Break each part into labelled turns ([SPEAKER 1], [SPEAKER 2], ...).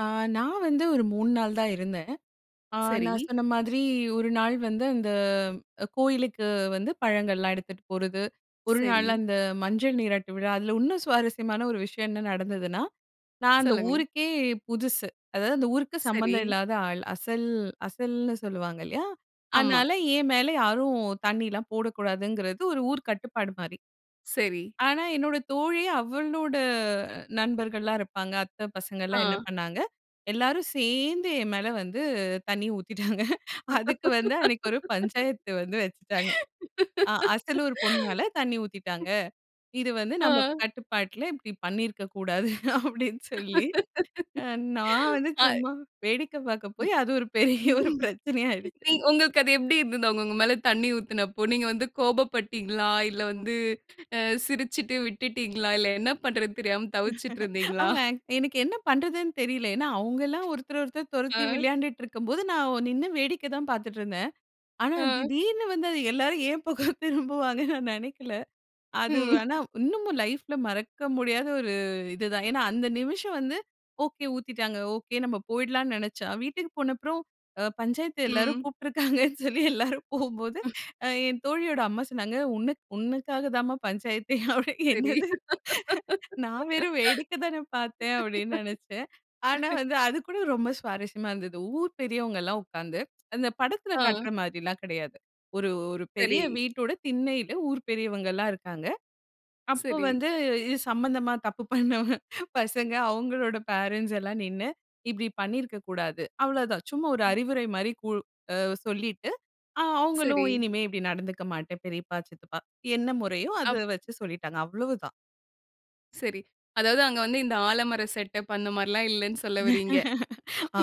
[SPEAKER 1] ஆ. நான் வந்து ஒரு 3 நாள் தான் இருந்தேன். ஆ நான்
[SPEAKER 2] சரி.
[SPEAKER 1] சொன்ன மாதிரி 1 நாள் வந்து அந்த கோயிலுக்கு வந்து பழங்கள்லாம் எடுத்துட்டு போர்றது 1 நாள்
[SPEAKER 2] சரி.
[SPEAKER 1] அந்த, மஞ்சள் நீராட்டு விழா. அதில இன்னும் சுவாரஸ்யமான 1 விஷயம் என்ன நடந்ததுன்னா, நான் அந்த
[SPEAKER 2] சொல்லுங்க.
[SPEAKER 1] ஊருக்கே புதுசு. அதாவது அந்த ஊருக்கு
[SPEAKER 2] சரி.
[SPEAKER 1] சம்மந்தம் இல்லாத ஆள். "அசல் அசல்"ன்னு சொல்லுவாங்க இல்லயா?
[SPEAKER 2] ஆமா.
[SPEAKER 1] அதனால என் மேல யாரும் தண்ணியலாம் போடக்கூடாதுங்கிறது ஒரு ஊர் கட்டுப்பாடு மாரி.
[SPEAKER 2] சரி.
[SPEAKER 1] ஆனா என்னோட தோழி அவளோட நண்பர்கள்லாம் இருப்பாங்க அத்த பசங்கலாம் என்ன
[SPEAKER 2] ஆ.
[SPEAKER 1] பண்ணாங்க, எல்லாரும் சேர்ந்து என் மேல வந்து தண்ணி ஊத்திட்டாங்க. அதுக்கு வந்து அன்னைக்கு ஒரு பஞ்சாயத்து வந்து வச்சுட்டாங்க. அ "அசலூர் பொண்ணு மேல தண்ணி ஊத்திட்டாங்க. இது வந்து நம்ம
[SPEAKER 2] ஆ.
[SPEAKER 1] கட்டுப்பாட்ல இப்டி பண்ணியிருக்க கூடாது!" அப்டின்னு சொல்லி. நான் வந்து
[SPEAKER 2] ஆய்.
[SPEAKER 1] சும்மா வேடிக்கை பார்க்க போய்
[SPEAKER 2] ம்.
[SPEAKER 1] அது ஒரு பெரிய ஒரு பிரச்சனையா ஆகிடுச்சு.
[SPEAKER 2] உங்களுக்கு அது எப்டி இருந்தது அவங்க உங்க மேல தண்ணி ஊத்துனப்போ? நீங்க வந்து கோபப்பட்டீங்களா? இல்ல வந்து அ சிரிச்சிட்டு விட்டுட்டீங்களா? இல்ல என்ன பண்றதுன்னு தெரியாம தவிச்சிட்டு இருந்தீங்களா?
[SPEAKER 1] ஆமா, எனக்கு என்ன பண்றதுன்னு தெரியல. ஏன்னா அவுங்கல்லாம் ஒருத்தர ஒருத்தர் தொரத்தி
[SPEAKER 2] அ.
[SPEAKER 1] விளையான்டுட்டு இருக்கும்போது, நான் நின்னு வேடிக்கை தான் பார்த்துட்டு இருந்தேன். ஆனா
[SPEAKER 2] அ.
[SPEAKER 1] திடீர்னு வந்து எல்லாரும் ஏன் பக்கம் திரும்புவான்கனு நான் நெனைக்கல. அது
[SPEAKER 2] ம்.
[SPEAKER 1] ஆனா இன்னமும் லைஃப்ல மறக்க முடியாத ஒரு இது தான். ஏன்னா அந்த நிமிஷம் வந்து "ஒகே ஊத்திட்டாங்க" ஒகே நம்ம போய்டலாம்னு நெனச்சா, வீட்டுக்கு போன அப்புறம் அ "பஞ்சாயத்த எல்லாரும்"
[SPEAKER 2] ம்.
[SPEAKER 1] கூப்பிட்டிருக்காங்கனு சொல்லி எல்லாரும் போகும்போது
[SPEAKER 2] ம்.
[SPEAKER 1] என் தோழியோட அம்மா சொன்னாங்க, "உன்னக் உன்னக்காக தான்மா பஞ்சாயத்தே!" அப்படினு,
[SPEAKER 2] சரி.
[SPEAKER 1] "என்னது? நான் வெறும் வேடிக்க தானே பார்த்தேன்!" அப்டின்னு நெனைச்சேன். ஆனா வந்து அது கூட ரொம்ப சுவாரஸ்யமா இருந்தது. ஊர் பெரியவங்கலாம் உட்கார்ந்து அந்த படத்ல கட்ற
[SPEAKER 2] அ.
[SPEAKER 1] மாதிரில்லாம் கெடையாது. ஒரு ஒரு பெரிய
[SPEAKER 2] சரி.
[SPEAKER 1] வீட்டோட திண்ணையில ஊர் பெரியவங்க எல்லாம் இருக்காங்க. அப்போ
[SPEAKER 2] சரி.
[SPEAKER 1] வந்து இது சம்பந்தமா தப்பு பண்ணவங்க பசங்க, அவுங்களோட பேரன்ட்ஸ் எல்லாம் நின்னு "இப்டி பண்ணியிருக்கக் கூடாது" அவ்வளவுதான். சும்மா ஒரு
[SPEAKER 2] ம்.
[SPEAKER 1] அறிவுரை மாதிரி கூ சொல்லிட்டு, அவுங்களும்
[SPEAKER 2] சரி.
[SPEAKER 1] "இனிமே இப்டி நடந்துக்க மாட்டேன். பெரியப்பா, சித்தப்பா" என்ன முறையோ
[SPEAKER 2] அப்
[SPEAKER 1] அத வச்சு சொல்லிட்டாங்க. அவ்வளவுதான்.
[SPEAKER 2] சரி. அதாவது அங்க வந்து இந்த ஆலமரம் செட்டப் அந்த மாரிலாம் இல்லன்னு சொல்ல வர்றீங்க.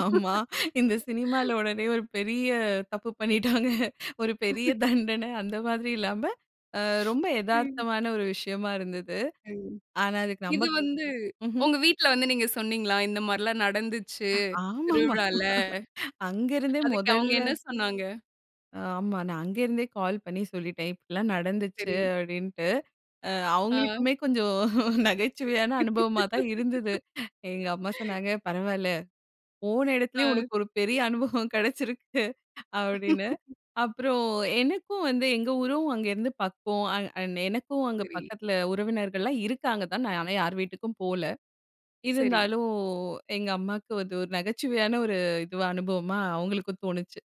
[SPEAKER 1] ஆமா. இந்த சினிமால உடனே ஒரு பெரிய தப்பு பண்ணிட்டாங்க ஒரு பெரிய தண்டன, அந்த மாதிரி இல்லாம, அ ரொம்ப
[SPEAKER 2] ம்.
[SPEAKER 1] எதார்த்தமான ஒரு விஷயமா இருந்தது.
[SPEAKER 2] ம்.
[SPEAKER 1] ஆனா அதுக்கு
[SPEAKER 2] இது
[SPEAKER 1] நம்ம
[SPEAKER 2] வந்து
[SPEAKER 1] ம்ஹ்ம்.
[SPEAKER 2] உங்க வீட்ல வந்து நீங்க சொன்னீங்களா? "இந்த மாரிலாம் நடந்துச்சு
[SPEAKER 1] ஆமாமா.
[SPEAKER 2] திருவிழால"
[SPEAKER 1] அங்க இருந்தே
[SPEAKER 2] அதுக்கு அவங்க
[SPEAKER 1] மொதல்ல.
[SPEAKER 2] என்ன சொன்னாங்க?
[SPEAKER 1] ஆமா. நான் அங்கேருந்தே கால் பண்ணி சொல்லிட்டேன் "இப்டிலாம் நடந்துச்சு"
[SPEAKER 2] சரி.
[SPEAKER 1] அப்டின்ட்டு. அ
[SPEAKER 2] ஆ.
[SPEAKER 1] அவங்களுக்குமே கொஞ்சம் நகைச்சுவையான அனுபவமா தான் இருந்தது. எங்க அம்மா சொன்னாங்க "பரவாயில்ல போன எடத்துலேயே
[SPEAKER 2] ஆ.
[SPEAKER 1] உனக்கு ஒரு பெரிய அனுபவம் கெடைச்சிருக்கு!" அப்படின்னு. அப்புறம் எனக்கும் வந்து எங்க ஊரும் அங்கே இருந்து பக்கம். அண்ட் அண்ட் எனக்கும் அங்கே
[SPEAKER 2] சரி.
[SPEAKER 1] பக்கத்ல உறவினர்கள்லாம் இருக்காங்க தான். நான் ஆனா யாரு வீட்டுக்கும் போகல.
[SPEAKER 2] சரி.
[SPEAKER 1] இருந்தாலும் எங்க அம்மாக்கு வந்து ஒரு நகைச்சுவையான ஒரு இதுவா அனுபவமா அவங்களுக்கும் தோணுச்சு.